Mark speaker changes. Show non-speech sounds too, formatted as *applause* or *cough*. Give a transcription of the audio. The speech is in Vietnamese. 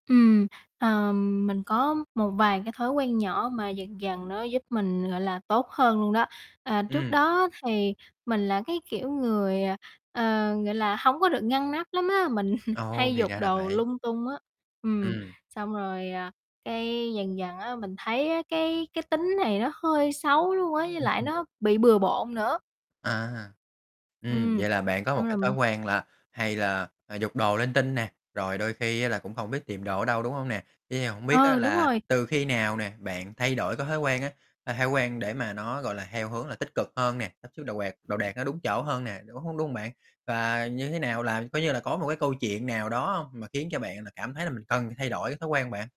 Speaker 1: Ừm, ờm, mình có một vài cái thói quen nhỏ mà dần dần nó giúp mình, gọi là, tốt hơn luôn đó, à, trước
Speaker 2: Ừm.
Speaker 1: đó thì mình là cái kiểu người, ờ, gọi là, hổng có được ngăn nắp lắm á. Mình *chuckles*
Speaker 2: Ồ,
Speaker 1: hay
Speaker 2: thì
Speaker 1: giục
Speaker 2: ra là
Speaker 1: đồ
Speaker 2: vậy.
Speaker 1: lung tung á, ừm,
Speaker 2: Ừm.
Speaker 1: xong rồi, à, cái dần dần á mình thấy á cái cái tính này nó hơi xấu luôn ấy, với
Speaker 2: Ừm,
Speaker 1: lại
Speaker 2: ừm.
Speaker 1: nó bị bừa bộn nữa.
Speaker 2: À ha, ừm,
Speaker 1: Ừm,
Speaker 2: vậy là bạn có một
Speaker 1: xong
Speaker 2: cái thói
Speaker 1: r
Speaker 2: quen là hay là, à, giục đồ linh tinh nè, rồi đôi khi á là cũng không biết tìm đồ ở đâu, đúng hông nè? Thế thì hông biết á
Speaker 1: Ừ, đúng
Speaker 2: là
Speaker 1: rồi.
Speaker 2: từ khi nào nè bạn thay đổi cái thói quen á, cái thói quen để mà nó, gọi là, theo hướng là tích cực hơn nè, sắp xếp đồ quạt đồ đạc nó đúng chỗ hơn nè, đúng h đúng hông bạn? Và như thế nào là coi như là, có một cái câu chuyện nào đó hông mà khiến cho bạn là cảm thấy là mình cần phải thay đổi cái thói quen bạn?